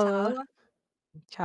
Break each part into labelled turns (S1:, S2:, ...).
S1: Ciao.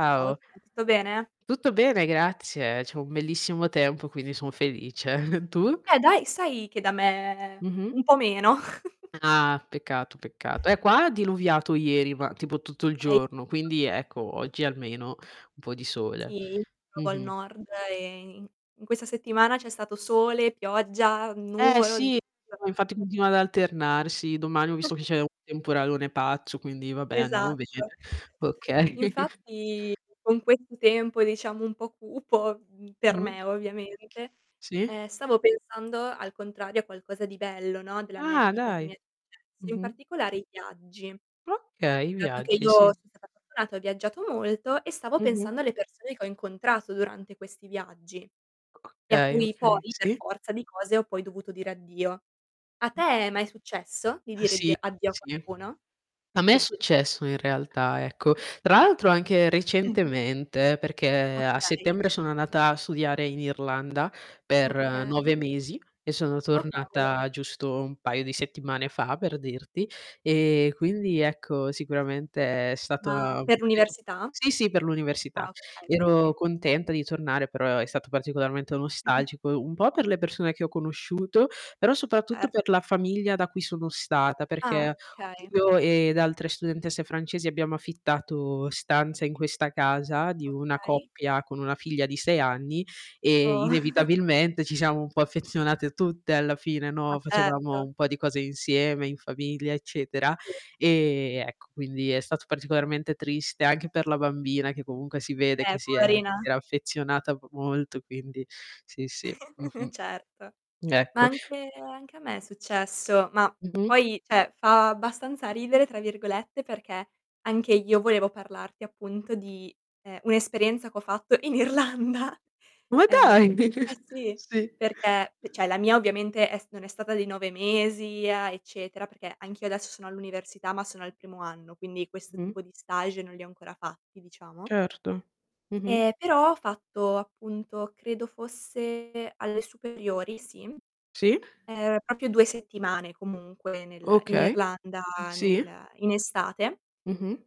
S1: Ciao, va tutto bene?
S2: Tutto bene grazie, c'è un bellissimo tempo, quindi son felice. Tu?
S1: Eh, dai, sai che da me
S2: Mh-mh.
S1: un po' meno.
S2: Ah, peccato, peccato. Eh qua ha diluviato ieri, ma tipo tutto il giorno,
S1: [unintelligible]
S2: quindi ecco oggi almeno un po' di sole.
S1: Sì, proprio al
S2: Mh-mh.
S1: nord e in in questa settimana c'è stato sole, pioggia,
S2: Eh,
S1: nuvolo, di
S2: sì,
S1: tutto.
S2: no infatti continua ad alternarsi, domani ho visto che c'è un temporalone pazzo, quindi vabbè andiamo bene.
S1: Esatto.
S2: Okay.
S1: Infatti con questo tempo, diciamo un po' cupo, mhmm, per
S2: Mh.
S1: me ovviamente,
S2: Sì.
S1: ehm, stavo pensando al contrario, a qualcosa di bello, no, della mia
S2: Ah,
S1: vita che
S2: dai.
S1: mi è successo, in
S2: Mh-mh.
S1: particolare i viaggi.
S2: Okay,
S1: Dato che
S2: viaggi,
S1: io
S2: sì.
S1: son stata fortunata, ho viaggiato molto e stavo
S2: Mh-mh.
S1: pensando alle persone che ho incontrato durante questi viaggi,
S2: O
S1: e a
S2: okay,
S1: cui
S2: okay,
S1: poi per
S2: sì.
S1: forza di cose ho poi dovuto dire addio. A te è mai successo di dire addi
S2: Sì,
S1: addio a
S2: sì.
S1: qualcuno?
S2: A me è
S1: Sì.
S2: successo in realtà, ecco. Tra l'altro anche
S1: Mh.
S2: recentemente, perché a
S1: Okay.
S2: settembre sono andata a studiare in Irlanda per
S1: Okay.
S2: 9 mesi, e sono
S1: Oh cavolo.
S2: tornata giusto un paio di settimane fa, per dirti. E quindi, ecco, sicuramente è stata
S1: Ma per
S2: davvero
S1: l'università?
S2: sì, sì per l'università.
S1: Ah, okay, okay.
S2: Ero contenta di tornare però è stato particolarmente nostalgico, un po' per le persone che ho conosciuto, però soprattutto per
S1: Erto.
S2: la famiglia da cui sono stata,
S1: Ah
S2: perché
S1: okay.
S2: io ed altre studentesse francesi abbiamo affittato stanze in questa casa, di una
S1: Okay.
S2: coppia con una figlia di 6 anni, e
S1: Oh.
S2: inevitabilmente ci siamo un po' affezionate tutte alla fine,
S1: Ma
S2: no, facevamo
S1: certo.
S2: un po' di cose insieme in famiglia, eccetera.
S1: Sì.
S2: E ecco quindi è stato particolarmente triste, anche per la bambina che comunque si vede
S1: Eh,
S2: che si è
S1: poverina.
S2: si era affezionata m molto, quindi sì, sì, mh-mh.
S1: Certo. Ma
S2: Ecco.
S1: anche anche a me è successo; ma
S2: Mh-mh.
S1: poi, cioè fa "abbastanza ridere", tra virgolette, perché anche io volevo parlarti appunto di, ehm, un'esperienza ch'ho fatto in Irlanda.
S2: Ma
S1: Ehm,
S2: dai!
S1: eh sì,
S2: Sì.
S1: perché e cioè la mia ovviamente è s non è stata di 9 mesi a eccetera, perché anch'io adesso sono all'università ma sono al primo anno, quindi questo
S2: Mh.
S1: tipo di stage non li ho ancora fatti, diciamo.
S2: Certo. Mh-mh.
S1: Ehm, però ho fatto, appunto, credo fosse alle superiori sì,
S2: Sì.
S1: ehm, proprio 2 settimane comunque nel in
S2: Okay.
S1: Irlanda
S2: Sì.
S1: nel in estate.
S2: Mh-mh.